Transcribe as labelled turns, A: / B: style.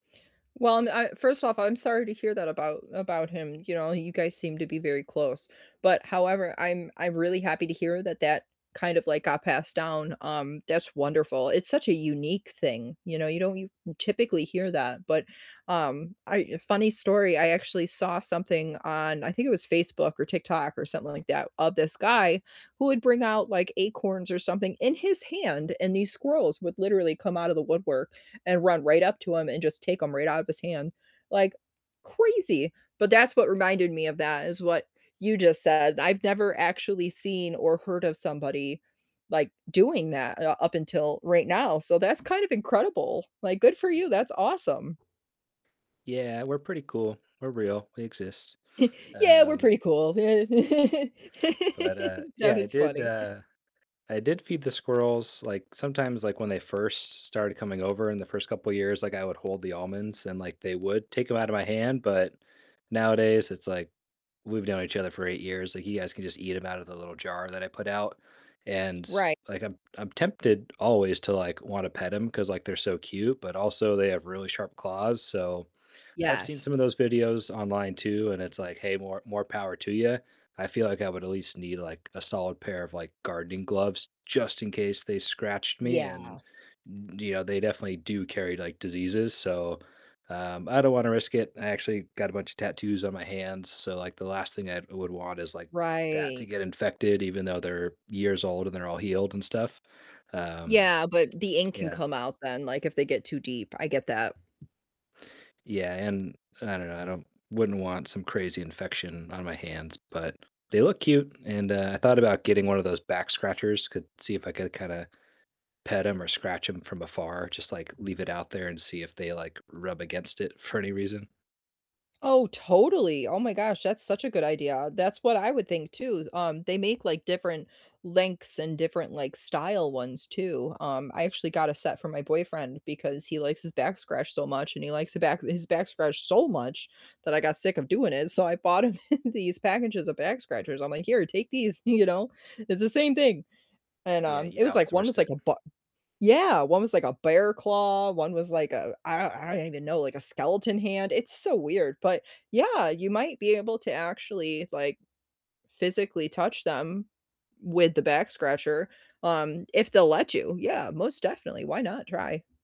A: Well, and I first off, I'm sorry to hear that about about him, you know, you guys seem to be very close, but however, I'm I'm really happy to hear that that kind of, like, got passed down, um, that's wonderful, it's such a unique thing, you know, you don't u typically hear that, but, um, I, yo funny story, I actually saw something on I think it was Facebook, or TikTok, or something like that, of this guy who would bring out, like, acorns, or something in his hand, and these squirrels would literally come out of the woodwork, and run right up to him, and just take 'em right out of his hand, like, crazy, but that's what reminded me of that is what you just said, I've never actually seen, or heard of somebody, like, doing that, uh, up until right now, so, that's kind of incredible, like, good for you, that's awesome.
B: Yeah, we're pretty cool, we're real, we exist,
A: "Yeah, we're
B: um
A: pretty cool, yeah,"
B: But, uh,
A: that
B: yeah, I
A: was
B: did,
A: funny.
B: uh I did feed the squirrels, like, sometimes, like, when they first started coming over in the first couple years, like, I would hold the almonds, and, like, they would take them out of my hand, but nowadays it's like we've known each other for 8 years, like, you guys can just eat them out of the little jar that I put out, and,
A: Right.
B: like, I'm I'm tempted always to, like, wanna pet 'em 'cause, like, they're so cute, but also they have really sharp claws, so I've seen some of
A: Yes.
B: those videos online too, and, it's like, "Hey, more more power to you." I feel like I would at least need, like, a solid pair of, like, gardening gloves just in case they scratched me,
A: Yeah.
B: and yo you know, they definitely do carry, like, diseases, so, um, I don't wanna risk it. I actually got a bunch of tattoos on my hands, so, like, the last thing I would want is, like, that to
A: Right.
B: get infected even though they're years old and they're all healed and stuff, um,
A: Yeah, but the ink can
B: yeah.
A: come out then, like, if they get too deep, I get that.
B: Yeah, and I don't know, I don't wouldn't want some crazy infection on my hands, but they look cute, and, uh, I thought about getting one of those back scratchers could see if I could kinda pet 'em, or scratch them from afar, just, like, leave it out there and see if they, like, rub against it for any reason.
A: Oh, totally, oh my gosh, that's such a good idea. That's what I would think too, um, they make, like, different lengths, and different, like, style ones too, um, I actually got a set for my boyfriend because he likes his back scratched so much, and he likes his back his back scratched so much that I got sick of doing it, so, I bought him these packages of back scratchers. I'm like, "Here, take these," you know, it's the same thing, and,
B: Yeah,
A: um,
B: you
A: it was, like one
B: outsourced
A: was like
B: it.
A: a b Yeah, one was like a bear claw, one was like, uh, I I don't even know, like a skeleton hand, it's so weird, but yeah, you might be able to actually, like, physically touch them with the back scratcher, um, if they'll let you, yeah, most definitely. Why not try?